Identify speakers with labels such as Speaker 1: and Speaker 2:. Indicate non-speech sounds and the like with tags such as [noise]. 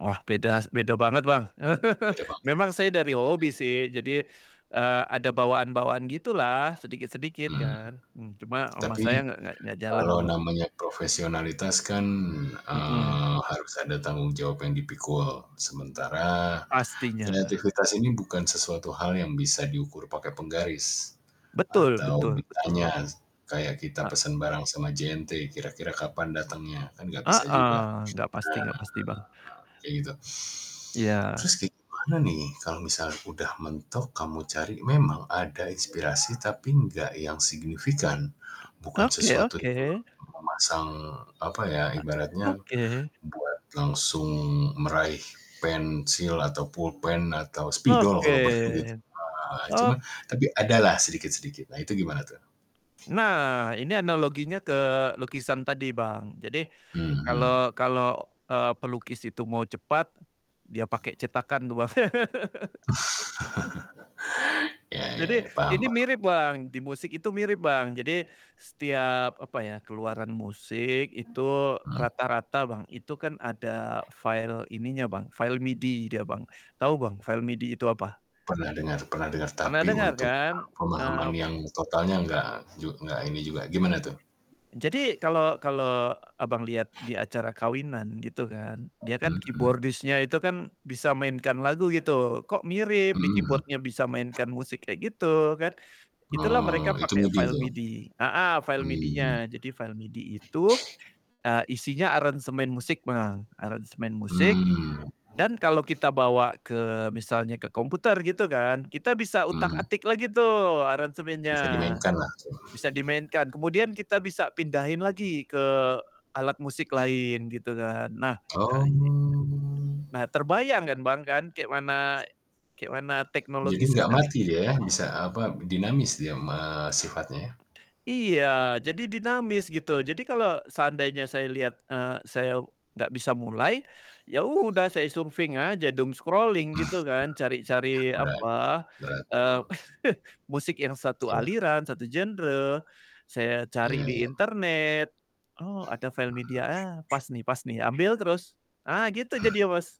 Speaker 1: Ah, beda s beda banget, Bang, [laughs]
Speaker 2: Beda Bang.
Speaker 1: memang saya dari hobi sih jadi, eee, ada bawaan-bawaan gitulah sedikit-sedikit
Speaker 2: Mmm,
Speaker 1: kan, mmm, cuma ama saya
Speaker 2: tapi,
Speaker 1: nggak nggak nggak jalan tuh,
Speaker 2: kalau
Speaker 1: Bang.
Speaker 2: namanya profesionalitas kan,
Speaker 1: Hmm.
Speaker 2: eee, harus ada tanggung jawab yang dipikul, sementara
Speaker 1: Pastinya.
Speaker 2: kreativitas ini bukan sesuatu hal yang bisa diukur pakai penggaris
Speaker 1: Betul
Speaker 2: atau
Speaker 1: betul
Speaker 2: ditanya
Speaker 1: betul.
Speaker 2: kayak kita
Speaker 1: Ah.
Speaker 2: pesen bareng sama JNT kira-kira kapan
Speaker 1: Mmm,
Speaker 2: datangnya, kan nggak bisa juga,
Speaker 1: heeh, gak pasti gak pasti, Bang.
Speaker 2: nah kayak gitu.
Speaker 1: Ya.
Speaker 2: Terus kayak gimana nih kalau misal udah mentok kamu cari memang ada inspirasi tapi nggak yang signifikan bukan
Speaker 1: Oke
Speaker 2: sesuatu
Speaker 1: oke.
Speaker 2: itu. Memasang apa ya
Speaker 1: E
Speaker 2: ibaratnya,
Speaker 1: oke.
Speaker 2: buat langsung meraih pensil atau pulpen atau spidol kalau perlu gitu,
Speaker 1: Oke
Speaker 2: nah,
Speaker 1: o
Speaker 2: cuman tapi ada lah sedikit-sedikit nah itu gimana tuh?
Speaker 1: Nah, ini analoginya ke lukisan tadi, Bang, jadi
Speaker 2: Mmm.
Speaker 1: kalo kalo, eee, pelukis itu mau cepat dia pake cetakan tuh, Bang. [laughs]
Speaker 2: [laughs] Ya ya
Speaker 1: Jadi,
Speaker 2: ya, paham
Speaker 1: ini
Speaker 2: paham.
Speaker 1: mirip, Bang, di musik itu mirip, Bang, jadi setiap apa ya keluaran musik itu
Speaker 2: Mmm?
Speaker 1: rata-rata, Bang. Itu kan ada file ininya, Bang, file MIDI dia, Bang, tau, Bang, file MIDI itu apa?
Speaker 2: Pernah dengar pernah dengar
Speaker 1: Pernah
Speaker 2: tapi
Speaker 1: denger
Speaker 2: untuk,
Speaker 1: kan?
Speaker 2: eee, pemahaman
Speaker 1: Eee
Speaker 2: yang totalnya nggak, jug nggak ini juga gimana tuh?
Speaker 1: Jadi, kalo kalo Abang liat di acara kawinan gitu kan dia kan
Speaker 2: Mmm.
Speaker 1: keyboardist-nya itu kan bisa mainkan lagu gitu, kok mirip di
Speaker 2: Mhm.
Speaker 1: keyboard-nya bisa mainkan musik kayak gitu kan, itulah
Speaker 2: Oh,
Speaker 1: mereka
Speaker 2: itu
Speaker 1: pake
Speaker 2: MIDI
Speaker 1: file
Speaker 2: tuh?
Speaker 1: MIDI, heeh, file
Speaker 2: Mmm.
Speaker 1: MIDI-nya, jadi file MIDI itu, eee, isinya aransemen musik, Bang, aransemen musik
Speaker 2: Mmm.
Speaker 1: dan kalau kita bawa ke misalnya ke komputer gitu kan, kita bisa
Speaker 2: Mmm.
Speaker 1: utak-atik lagi tuh aransemennya,
Speaker 2: Bisa dimainkanlah tuh.
Speaker 1: bisa dimainkan, kemudian kita bisa pindahin lagi ke alat musik lain gitu kan nah, [unintelligible]
Speaker 2: Oh.
Speaker 1: nah, terbayang kan, Bang, kan kayak mana kayak mana
Speaker 2: Jadi
Speaker 1: teknologi
Speaker 2: nggak
Speaker 1: sekar
Speaker 2: mati dia ya? Bisa apa, dinamis dia ma sifatnya.
Speaker 1: Iya, jadi dinamis gitu jadi kalo seandainya saya liat, eee, saya gak bisa mulai, ya udah saya surfing aja doom scrolling gitu kan
Speaker 2: [chuckles]
Speaker 1: cari-cari
Speaker 2: Berat,
Speaker 1: apa,
Speaker 2: berat ya,
Speaker 1: eee,
Speaker 2: Bang?
Speaker 1: [laughs] musik yang satu
Speaker 2: Iya.
Speaker 1: aliran, satu genre, saya cari di
Speaker 2: Iya.
Speaker 1: internet oh ada
Speaker 2: Mhm.
Speaker 1: file MIDI, ah pas nih pas nih, ambil terus, ah gitu
Speaker 2: Hmm.
Speaker 1: jadinya, Mas.